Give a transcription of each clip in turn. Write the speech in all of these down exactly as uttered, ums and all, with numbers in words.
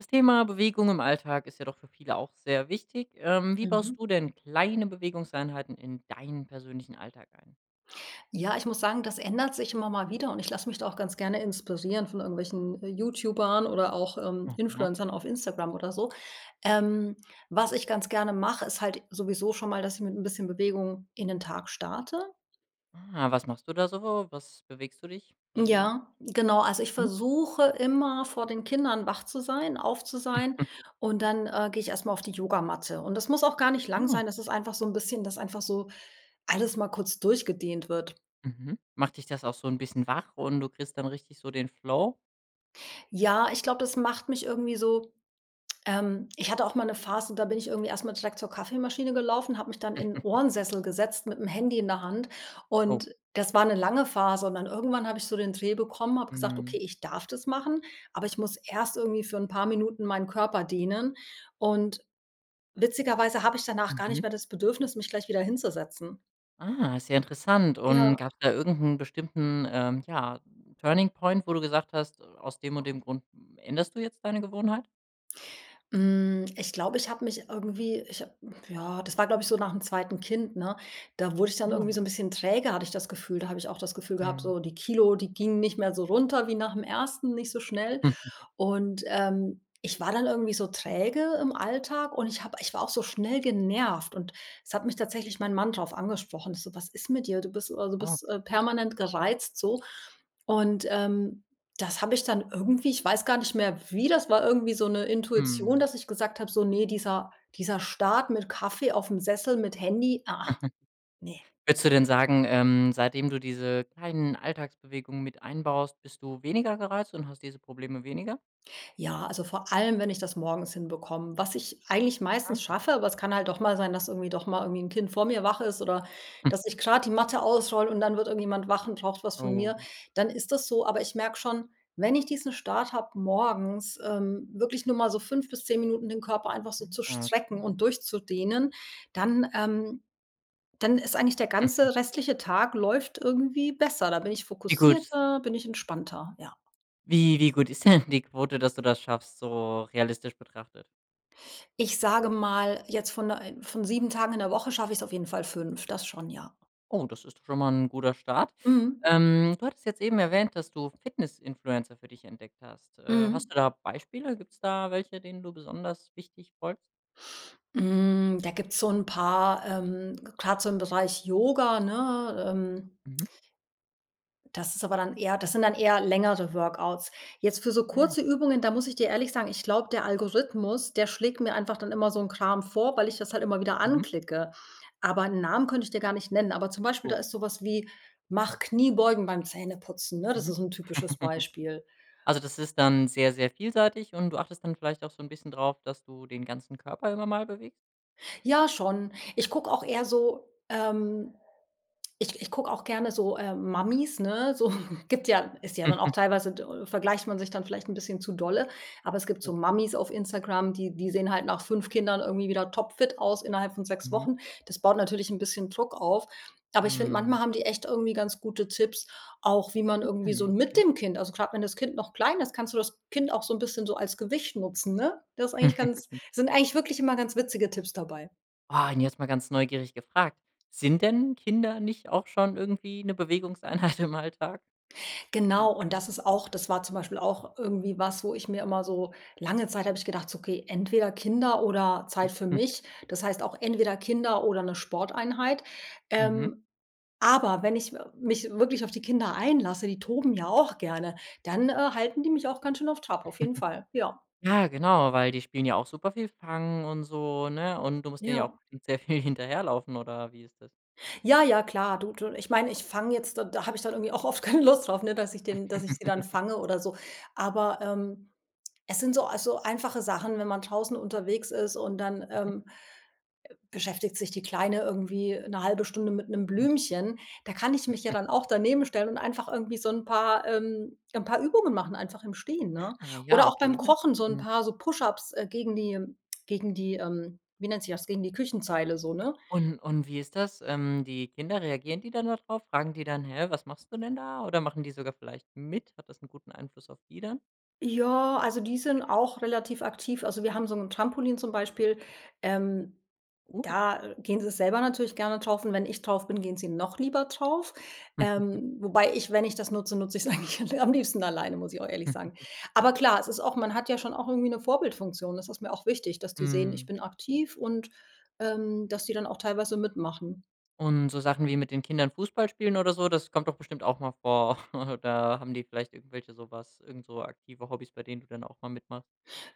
Das Thema Bewegung im Alltag ist ja doch für viele auch sehr wichtig. Ähm, wie Mhm. baust du denn kleine Bewegungseinheiten in deinen persönlichen Alltag ein? Ja, ich muss sagen, das ändert sich immer mal wieder und ich lasse mich da auch ganz gerne inspirieren von irgendwelchen YouTubern oder auch, ähm, Mhm. Influencern auf Instagram oder so. Ähm, was ich ganz gerne mache, ist halt sowieso schon mal, dass ich mit 'n bisschen Bewegung in den Tag starte. Ah, was machst du da so? Was bewegst du dich? Wie Ja, genau, also ich Hm? versuche immer vor den Kindern wach zu sein, auf zu sein und dann, äh, gehe ich erst mal auf die Yogamatte. Und das muss auch gar nicht lang sein, Hm. das ist einfach so 'n bisschen, dass einfach so alles mal kurz durchgedehnt wird. Mhm, macht dich das auch so 'n bisschen wach und du kriegst dann richtig so den Flow? Ja, ich glaube das macht mich irgendwie so, ähm ich hatte auch mal 'ne Phase, da bin ich irgendwie erst mal direkt zur Kaffeemaschine gelaufen, habe mich dann in 'nen Ohrensessel gesetzt mit'm Handy in der Hand Oh. und das war 'ne lange Phase und dann irgendwann habe ich so den Dreh bekommen, habe gesagt: „Okay, Mhm. ich darf das machen, aber ich muss erst irgendwie für 'n paar Minuten meinen Körper dehnen.“ Und witzigerweise habe ich danach gar nicht Mhm. mehr das Bedürfnis, mich gleich wieder hinzusetzen. Ah, ist ja interessant. Und Ja. gab's da irgend 'n bestimmten ähm ja, Turning-Point, wo du gesagt hast, aus dem und dem Grund, änderst du jetzt deine Gewohnheit? Hm, ich glaube, ich habe mich irgendwie ich habe ja, das war, glaube ich, so nach dem zweiten Kind, ne? Da wurde ich dann irgendwie Ja. so 'n bisschen träge, hatte ich das Gefühl. Da habe ich auch das Gefühl gehabt Mhm. so die Kilo, die gingen nicht mehr so runter wie nach dem ersten, nicht so schnell. Und, ähm, ich war dann irgendwie so träge im Alltag und ich habe ich war auch so schnell genervt und es hat mich tatsächlich mein Mann drauf angesprochen. So: „Was ist mit dir? Du bist immer so du Ah. bist permanent gereizt.“ So. Und, ähm, das habe ich dann irgendwie ich weiß gar nicht mehr wie das war irgendwie so 'ne Intuition, Mhm. dass ich gesagt habe so: „Ne, dieser dieser Start mit Kaffee aufm Sessel, mit Handy, ah, ah, ne.“ Würdest du denn sagen, ähm seitdem du diese kleinen Alltagsbewegungen mit einbaust, bist du weniger gereizt und hast diese Probleme weniger? Ja, also vor allem, wenn ich das morgens hinbekomme. Was ich eigentlich meistens Mhm. schaffe, aber es kann halt doch mal sein, dass irgendwie doch mal irgendwie 'n Kind vor mir wach ist oder Hm. dass ich grad die Matte ausrolle und dann wird irgendjemand wach und braucht was von mir, Oh. dann ist das so. Aber ich merke schon, wenn ich diesen Start habe morgens, ähm, wirklich nur mal so fünf bis zehn Minuten den Körper einfach so Hm, zu ja, strecken okay. und durchzudehnen, dann, ähm dann ist eigentlich der ganze restliche Tag läuft irgendwie besser. Da bin ich Wie gut fokussierter, bin ich entspannter, ja. wie wie gut ist denn die Quote, dass du das schaffst, so realistisch betrachtet? Ich sage mal, jetzt von, äh von sieben Tagen in der Woche schaffe ich es auf jeden Fall fünf. Das schon, ja. Oh, das ist doch schon mal 'n guter Start. Mhm. Ähm, du hattest jetzt eben erwähnt, dass du Fitness-Influencer für dich entdeckt hast. Äh, Mhm. hast du da Beispiele? Gibt's da welche, denen du besonders wichtig folgst? Hm, da gibt's so 'n paar, ähm, grad so im Bereich Yoga, ne, ähm. Mhm. Das ist aber dann eher das sind dann eher längere Workouts. Jetzt für so Ah. kurze Übungen, da muss ich dir ehrlich sagen, ich glaube, der Algorithmus, der schlägt mir einfach dann immer so 'n Kram vor, weil ich das halt immer wieder Mhm. anklicke. Aber 'n Namen könnte ich dir gar nicht nennen. Aber, zum Beispiel, da So. ist sowas wie „Mach Kniebeugen beim Zähneputzen“, ne? Das Mhm. ist 'n typisches Beispiel. Also, das ist dann sehr, sehr vielseitig und du achtest dann vielleicht auch so 'n bisschen drauf, dass du den ganzen Körper immer mal bewegst? Ja schon, ich gucke auch eher so ähm, ich ich gucke auch gerne so, äh, Mamis, ne, so, gibt ja ist ja dann auch teilweise d vergleicht man sich dann vielleicht 'n bisschen zu dolle. Aber es gibt so Oh. Mamis auf Instagram, die die sehen halt nach fünf Kindern irgendwie wieder topfit aus innerhalb von sechs Mhm. Wochen. Das baut natürlich 'n bisschen Druck auf. Aber ich finde, Mhm. manchmal haben die echt irgendwie ganz gute Tipps, auch wie man irgendwie so Mhm. mit Okay. dem Kind also grad wenn das Kind noch klein ist, kannst du das Kind auch so 'n bisschen so als Gewicht nutzen, ne? Das ist eigentlich ganz sind eigentlich wirklich immer ganz witzige Tipps dabei. Ah, und jetzt mal ganz neugierig gefragt: „Sind denn Kinder nicht auch schon irgendwie 'ne Bewegungseinheit im Alltag?“ Genau, [unintelligible] und das ist auch das war zum Beispiel auch irgendwie was, wo ich mir immer so lange Zeit hab ich gedacht so: „Okay, entweder Kinder oder Zeit für Mhm. mich.“ Das heißt auch entweder Kinder oder 'ne Sporteinheit. Mhm. Ähm, aber wenn ich m mich wirklich auf die Kinder einlasse, die toben ja auch gerne, dann, äh, halten die mich auch ganz schön auf Trab, auf jeden Fall, ja. Ja, genau, weil die spielen ja auch super viel fangen und so, ne? Und du musst denen ja auch Ja. sehr viel hinterherlaufen oder wie ist das? Ja, ja klar, du du ich meine, ich fang jetzt d da habe ich dann irgendwie auch oft keine Lust drauf, ne, dass ich den dass ich sie dann fange oder so. Aber, ähm, es sind so also, einfache Sachen, wenn man draußen unterwegs ist und dann, Mhm. ähm beschäftigt sich die Kleine irgendwie 'ne halbe Stunde mit 'nem [unintelligible] Blümchen, da kann ich mich ja dann auch daneben stellen und einfach irgendwie so 'n paar ähm, 'n paar Übungen machen, einfach im Stehen, ne? Ah, Oder ja, auch beim okay. Kochen so 'n [unintelligible] paar, so push-ups, äh, gegen die gegen die, ähm wie nennt sich das gegen die Küchenzeile so ne? Und und wie ist das? Ähm, die Kinder reagieren die dann da drauf? Fragen die dann: „Hä, was machst du denn da?“ Oder machen die sogar vielleicht mit? Hat das 'n guten Einfluss auf die dann? Ja, also, die sind auch relativ aktiv, also wir haben so 'n Trampolin zum Beispiel, ähm, Cool. da, gehen sie selber natürlich gerne drauf und wenn ich drauf bin, gehen sie noch lieber drauf. Ähm, wobei ich wenn ich das nutze, nutze ich's eigentlich l am liebsten alleine, muss ich auch ehrlich sagen. Aber klar, es ist auch man hat ja schon auch irgendwie eine Vorbildfunktion. Das ist mir auch wichtig, dass die sehen, ich Mhm. bin aktiv und, ähm, dass die dann auch teilweise mitmachen. Und so Sachen wie mit den Kindern Fußball spielen oder so, das kommt doch bestimmt auch mal vor. Oder haben die vielleicht irgendwelche sowas irgendso aktive Hobbys, bei denen du dann auch mal mitmachst.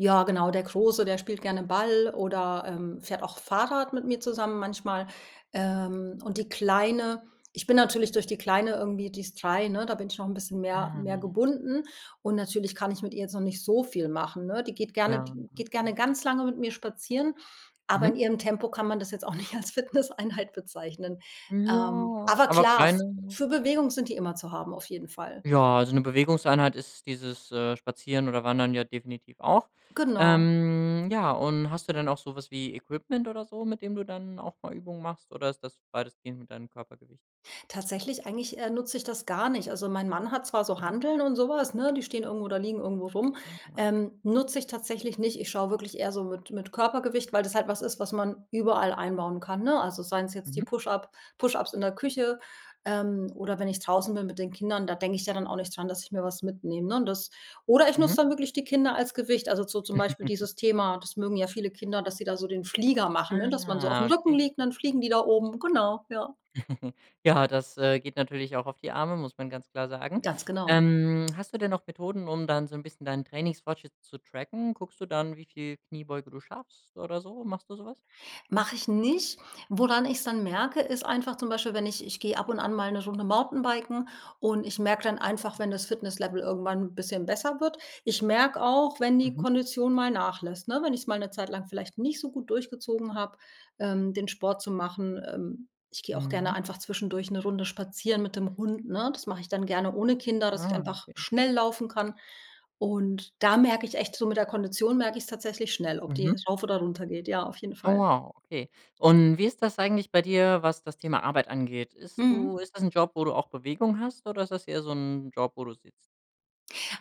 Ja genau, der Große, der spielt gerne Ball oder, ähm, fährt auch Fahrrad mit mir zusammen manchmal, ähm, und die Kleine ich bin natürlich durch die Kleine irgendwie die ist drei ne, da bin ich noch 'n bisschen mehr mehr [unintelligible] gebunden und natürlich kann ich mit ihr jetzt noch nicht so viel machen ne? Die geht gerne Ja, die geht gerne okay. ganz lange mit mir spazieren, aber in Mhm. ihrem Tempo kann man das jetzt auch nicht als Fitnesseinheit bezeichnen. Ähm, Ja, aber aber klar, kleine für Bewegung sind die immer zu haben auf jeden Fall. Ja, so 'ne Bewegungseinheit ist dieses, äh, Spazieren oder Wandern ja definitiv auch. Genau. Ähm, ja, und hast du denn auch so was wie Equipment oder so, mit dem du dann auch mal Übungen machst oder ist das weitestgehend mit deinem Körpergewicht? Tatsächlich eigentlich, äh, nutze ich das gar nicht. Also, mein Mann hat zwar so Mhm. Hanteln und sowas, ne? Die stehen irgendwo oder liegen irgendwo rum. Hm, ah. Ähm, nutze ich tatsächlich nicht, ich schaue wirklich eher so mit mit Körpergewicht, weil das halt was ist, was man überall einbauen kann, ne? Also, seien es jetzt die Mhm. Push-up Push-ups in der Küche, ähm, oder wenn ich draußen bin mit den Kindern, da denke ich ja dann auch nicht dran, dass ich mir was mitnehme, ne? Das oder ich Mhm. nutze da wirklich die Kinder als Gewicht, also, so zum Beispiel dieses Thema das mögen ja viele Kinder, dass sie da so den Flieger machen, ne, dass man so Ah, auf'm Rücken okay. liegt, dann fliegen die da oben, genau, ja. Ja, das, äh, geht natürlich auch auf die Arme, muss man ganz klar sagen. Ganz genau. Ähm, hast du denn noch Methoden, um dann so 'n bisschen deinen Trainingsfortschritt zu tracken? Guckst du dann, wie viel Kniebeuge du schaffst oder so, machst du so was? Mache ich nicht. Woran ich's dann merke, ist einfach zum Beispiel, wenn ich ich gehe ab und an mal 'ne Runde Mountainbiken und ich merke dann einfach, Mhm. wenn das Fitnesslevel irgendwann 'n bisschen besser wird. Ich merke auch wenn die Mhm. Kondition mal nachlässt, ne, wenn ich es mal 'ne Zeit lang vielleicht nicht so gut durchgezogen habe, ähm, den Sport zu machen. Ähm, ich gehe auch gerne Mhm. einfach zwischendurch 'ne Runde spazieren mit dem Hund, ne? Das mache ich dann gerne ohne Kinder, dass ich Ah, einfach okay. schnell laufen kann. Und da merke ich echt so mit der Kondition merke ich es tatsächlich schnell, ob die Mhm. rauf oder runter geht, ja, auf jeden Oh Fall. wow, okay. Und, wie ist das eigentlich bei dir, was das Thema Arbeit angeht? Ist du Mhm. ist das 'n Job, wo du auch Bewegung hast oder ist das eher so 'n Job, wo du sitzt?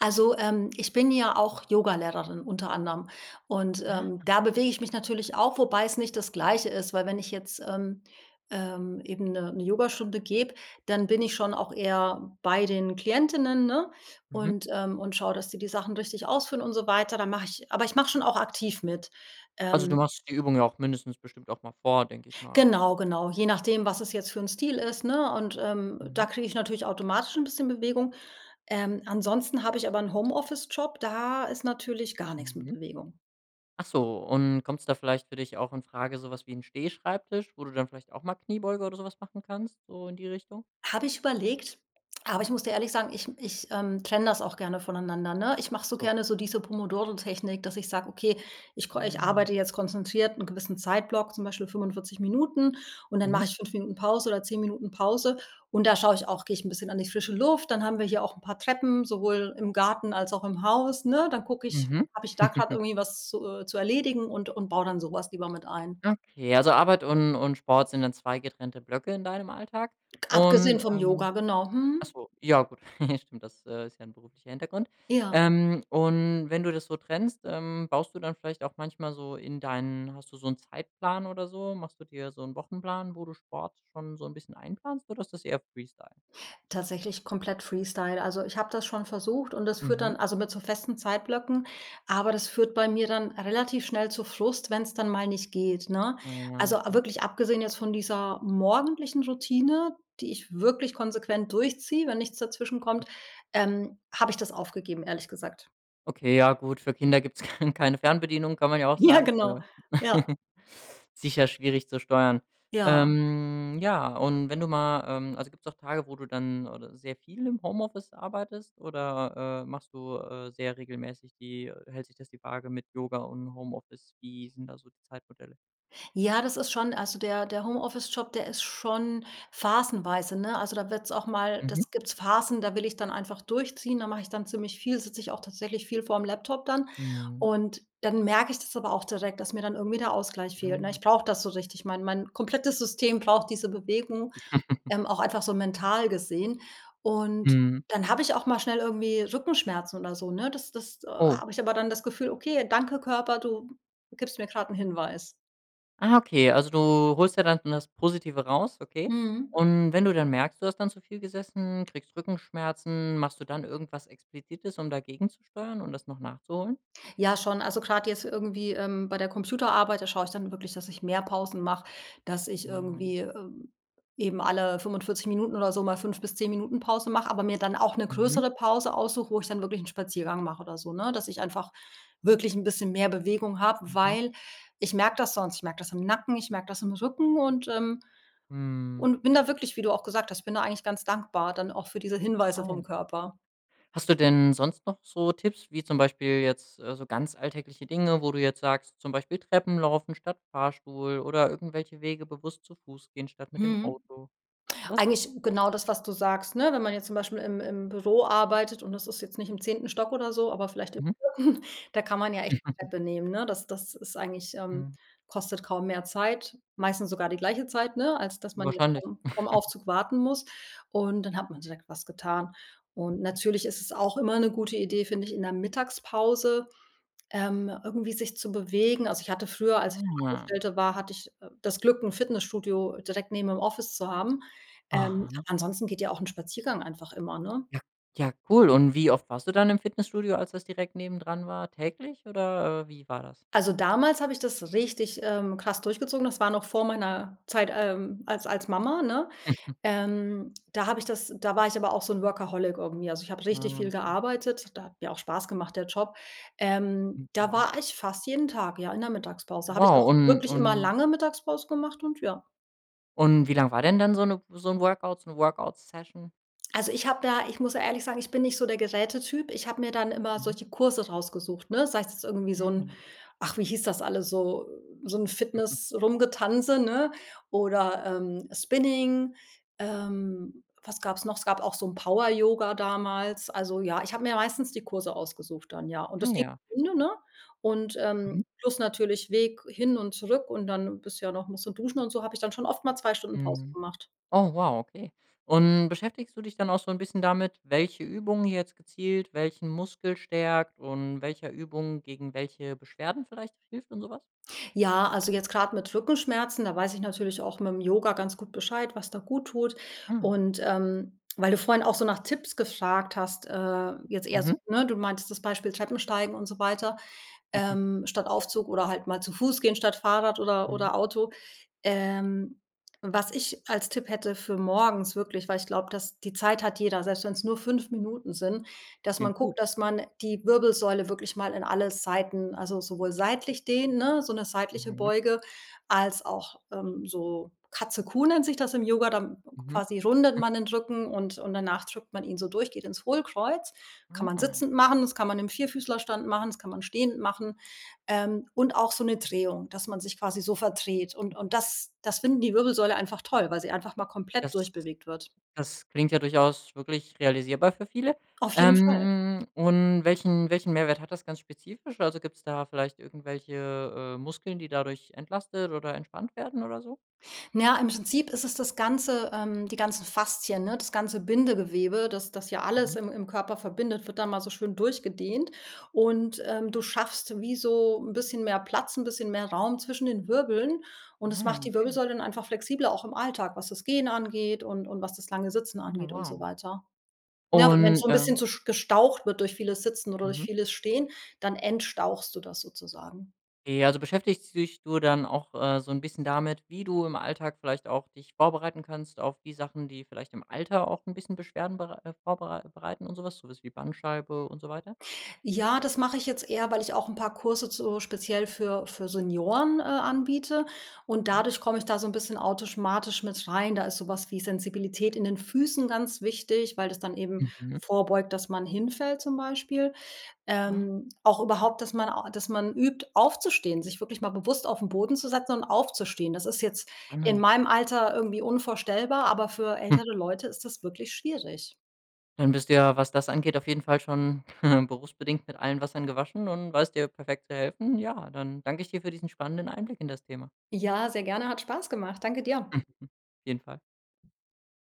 Also, ähm, ich bin ja auch Yogalehrerin unter anderem und, ähm, Ah. da bewege ich mich natürlich auch, wobei es nicht das Gleiche ist. Weil wenn ich jetzt, ähm, ähm, eben 'ne 'ne Yogastunde gebe, dann bin ich schon auch eher bei den Klientinnen, ne, Mhm. und, ähm und schaue, dass die die Sachen richtig ausführen und so weiter. Dann mache ich aber ich mache schon auch aktiv mit, Also, du ähm. machst die Übung ja auch mindestens bestimmt auch mal vor, denke ich mal. Genau, genau, je nachdem was es jetzt für'n Stil ist, ne? Und, ähm, da Mhm. kriege ich natürlich automatisch 'n bisschen Bewegung. Ähm, ansonsten habe ich aber 'n Homeoffice-Job, da ist natürlich gar nix mit Mhm. Bewegung. Ach so, und kommt's da vielleicht für dich auch infrage so was wie 'n Stehschreibtisch, wo du dann vielleicht auch mal Kniebeuge oder so was machen kannst so in die Richtung? Habe ich überlegt, aber ich muss dir ehrlich sagen: ich ich, ähm, trenne das auch gerne voneinander, ne? Ich mache so So. gerne so diese Pomodoro-Technik, dass ich sage: „Okay ich ko ich Ah. arbeite jetzt konzentriert 'n gewissen Zeitblock zum Beispiel fünfundvierzig Minuten und dann Mhm. mache ich fünf Minuten Pause oder zehn Minuten Pause und da schaue ich auch gehe ich 'n bisschen an die frische Luft, dann haben wir hier auch 'n paar Treppen, sowohl im Garten, als auch im Haus, ne? Dann gucke ich: Mhm. habe ich da grad irgendwie was zu, äh, zu erledigen?“ und und baue dann sowas lieber mit ein. Okay, also, Arbeit und und Sport sind dann zwei getrennte Blöcke in deinem Alltag. Abgesehen Und, vom ähm Yoga genau. ach Mhm. so, ja gut, stimmt, das, äh, ist ja 'n beruflicher Hintergrund. Ja. Ähm, und wenn du das so trennst, ähm, baust du dann vielleicht auch manchmal so in deinen hast du so 'n Zeitplan oder so? Machst du dir so 'n Wochenplan, wo du Sport schon so 'n bisschen einplanst oder ist das eher freestyle? Tatsächlich komplett freestyle, also, ich habe das schon versucht und das führt Mhm. dann also, mit so festen Zeitblöcken, aber das führt bei mir dann relativ schnell zu Frust, wenn's dann mal nicht geht, ne? Ah ja, Also, okay. wirklich abgesehen jetzt von dieser morgendlichen Routine, die ich wirklich konsequent durchziehe, wenn nichts dazwischen kommt, ähm, habe ich das aufgegeben ehrlich gesagt. Okay, ja, gut, für Kinder gibt's keine Fernbedienung, kann man ja auch Ja sagen. genau, Ne, ja. sicher schwierig zu steuern. Ja. Ähm, ja, und wenn du mal ähm, also, gibt's auch Tage, wo du dann oder sehr viel im Homeoffice arbeitest oder, äh, machst du, äh, sehr regelmäßig die hält sich das die Waage mit Yoga und Homeoffice? Wie sind da so die Zeitmodelle? Ja, das ist schon also, der der Homeoffice-Job, der ist schon phasenweise, ne? Also, da wird's auch mal Mhm. das gibt's Phasen da will ich dann einfach durchziehen, dann mache ich dann ziemlich viel, sitze ich auch tatsächlich viel vorm Laptop dann. Mhm. Und dann merke ich das aber auch direkt, dass mir dann irgendwie der Ausgleich fehlt, ne? Aha. Ich brauche das so richtig, mein mein komplettes System braucht diese Bewegung, ähm, auch einfach so mental gesehen. Und Mhm. dann habe ich auch mal schnell irgendwie Rückenschmerzen oder so, ne? Das das, äh Oh. habe ich aber dann das Gefühl: „Okay danke Körper, du gibst mir grad 'n Hinweis.“ Ah, okay, also, du holst ja dann das Positive raus, okay. Mhm. Und wenn du dann merkst, du hast dann zu viel gesessen, kriegst Rückenschmerzen, machst du dann irgendwas explizites, um dagegenzusteuern und das noch nachzuholen? Ja schon, also, grad jetzt irgendwie, ähm bei der Computerarbeit, da schaue ich dann wirklich, dass ich mehr Pausen mache, dass ich Ah. irgendwie, äh, eben alle fünfundvierzig Minuten oder so mal fünf bis zehn Minuten Pause mache, aber mir dann auch 'ne Mhm. größere Pause aussuche, wo ich dann wirklich 'n Spaziergang mache oder so, ne? Dass ich einfach wirklich 'n bisschen mehr Bewegung habe, Mhm. weil ich merke das sonst. Ich merke das im Nacken, ich merke das im Rücken und, ähm Mm. und bin da wirklich, wie du auch gesagt hast ich bin da eigentlich ganz dankbar dann auch für diese Hinweise Ah, ja. vom Körper. Hast du denn sonst noch so Tipps wie zum Beispiel jetzt, äh, so ganz alltägliche Dinge, wo du jetzt sagst zum Beispiel Treppen laufen statt Fahrstuhl oder irgendwelche Wege bewusst zu Fuß gehen statt mit dem Mhm, Auto, so was? eigentlich genau das, was du sagst ne? Wenn man jetzt zum Beispiel im im Büro arbeitet und das ist jetzt nicht im zehnten Stock oder so, aber vielleicht im Mhm. vierten da kann man ja echt die Treppe nehmen, ne? Das das ist eigentlich ähm, Mhm. kostet kaum mehr Zeit, meistens sogar die gleiche Zeit, ne? Als dass man jetzt Wahrscheinlich. vorm vorm Aufzug warten muss. Und dann hat man direkt was getan. Und Okay. natürlich ist es auch immer 'ne gute Idee, finde ich, in der Mittagspause, ähm, irgendwie sich zu bewegen. Also, ich hatte früher als ich noch Ah. Angestellte war, hatte ich, äh, das Glück, 'n Fitnessstudio direkt neben dem Office zu haben. Ähm, Aha. ansonsten geht ja auch 'n Spaziergang einfach immer, ne? Ja, ja cool. Und wie oft warst du dann im Fitnessstudio, als das direkt nebendran war? Täglich oder, äh, wie war das? Also, damals habe ich das richtig, ähm, krass durchgezogen. Das war noch vor meiner Zeit, ähm, als als Mama, ne? Ähm, da habe ich das da war ich aber auch so 'n Workaholic irgendwie. Also, ich habe richtig Ah, viel ókay. gearbeitet, der hat mir auch Spaß gemacht der Job. Ähm, Mm, da ja. war ich fast jeden Tag, ja, in der Mittagspause. Habe ich Wow, auch und wirklich immer und lange Mittagspause gemacht und ja. Und wie lang war denn dann so 'ne so 'n Workout, so 'ne Work-Out Session? Also, ich habe ja ich muss ehrlich sagen, ich bin nicht so der Geräte-Typ. Ich habe mir dann immer Mhm. solche Kurse rausgesucht, ne? Sei es irgendwie so 'n Ah. ach, wie hieß das alles so so 'n Fitness-Rumgetanze, ne? Oder, ähm, Spinning. Ähm, was gab's noch? Es gab auch so 'n Power Yoga damals. Also, ja, ich habe mir meistens die Kurse ausgesucht dann, ja. Und Ah, das ging ja. [unintelligible] ne? Und, ähm, Mhm. plus natürlich Weg hin und zurück und dann bist ja noch musst du duschen und so habe ich dann schon oft mal zwei Stunden Pause Mhm. gemacht. Oh wow, okay. Und beschäftigst du dich dann auch so 'n bisschen damit, welche Übung jetzt gezielt welchen Muskel stärkt und welcher Übung gegen welche Beschwerden vielleicht hilft und so was? Ja, also, jetzt grad mit Rückenschmerzen, da weiß ich natürlich auch mit'm Yoga ganz gut Bescheid was da gut tut Ah. und, ähm, weil du vorhin auch so nach Tipps gefragt hast, äh, jetzt eher so Mhm. ne, du meintest das Beispiel Treppensteigen und so weiter, ähm, statt Aufzug oder halt mal zu Fuß gehen statt Fahrrad oder Mhm. oder Auto. Ähm, was ich als Tipp hätte für morgens wirklich, weil ich glaube, dass die Zeit hat jeder, selbst wenn's nur fünf Minuten sind, dass man Klingt gut. guckt, dass man die Wirbelsäule wirklich mal in alle Seiten, also, sowohl seitlich dehnen, ne, so 'ne seitliche Mhm. Beuge, als auch, ähm, so „Katze Kuh“ nennt sich das im Yoga, dann Mhm. quasi rundet man den Rücken und und danach drückt man ihn so durch, geht ins Hohlkreuz. Kann man Aha. sitzend machen, das kann man im Vierfüßlerstand machen, das kann man stehend machen, ähm, und auch so 'ne Drehung, dass man sich quasi so verdreht und und [unintelligible] das das finden die Wirbelsäule einfach toll, weil sie einfach mal komplett Das durch bewegt wird. das klingt ja durchaus wirklich realisierbar für viele. Auf jeden Fall. Ähm, und welchen welchen Mehrwert hat das ganz spezifisch? Also, gibt's da vielleicht irgendwelche, äh, Muskeln, die dadurch entlastet oder entspannt werden oder so? Na, im Prinzip ist es das Ganze, ähm die ganzen Faszien, ne? Das ganze Bindegewebe, das das ja alles Mhm. im im Körper verbindet, wird da mal so schön durch gedehnt. Und, ähm, du schaffst wie so 'n bisschen mehr Platz, 'n bisschen mehr Raum zwischen den Wirbeln und das Ah, macht die okay. Wirbelsäule dann einfach flexibler auch im Alltag, was das Gehen angeht und und was das lange Sitzen Ah, angeht und so wow. weiter. Ne, w wenn's Und, so 'n bisschen ähm zu sch gestaucht wird durch vieles Sitzen oder durch Mhm. vieles Stehen, dann entstauchst du das sozusagen. Okay, also, beschäftigst dich du dann auch, äh, so 'n bisschen damit, wie du im Alltag vielleicht auch dich vorbereiten kannst auf die Sachen, die vielleicht im Alter auch 'n bisschen Beschwerden berei äh, vorbereit bereiten und so was, so was wie Bandscheibe und so weiter? Ja, das mache ich jetzt eher, weil ich auch 'n paar Kurse zu speziell für für Senioren, äh, anbiete und Ja. dadurch komme ich da so 'n bisschen autischmatisch mit rein. Da ist sowas wie Sensibilität in den Füßen ganz wichtig, weil das dann eben Mhm. vorbeugt, dass man hinfällt zum Beispiel. Ah. Ähm, auch überhaupt, dass man au dass man übt, aufzustehen, sich wirklich mal bewusst auf 'n Boden zu setzen und aufzustehen. Das ist jetzt in Spannend. meinem Alter irgendwie unvorstellbar, aber für ältere Leute ist das wirklich schwierig. Dann bist du ja, was das angeht, auf jeden Fall schon berufsbedingt mit allen Wassern gewaschen und weißt dir perfekt zu helfen? Ja, dann danke ich dir für diesen spannenden Einblick in das Thema. Ja, sehr gerne, hat Spaß gemacht. Danke dir. Auf jeden Fall.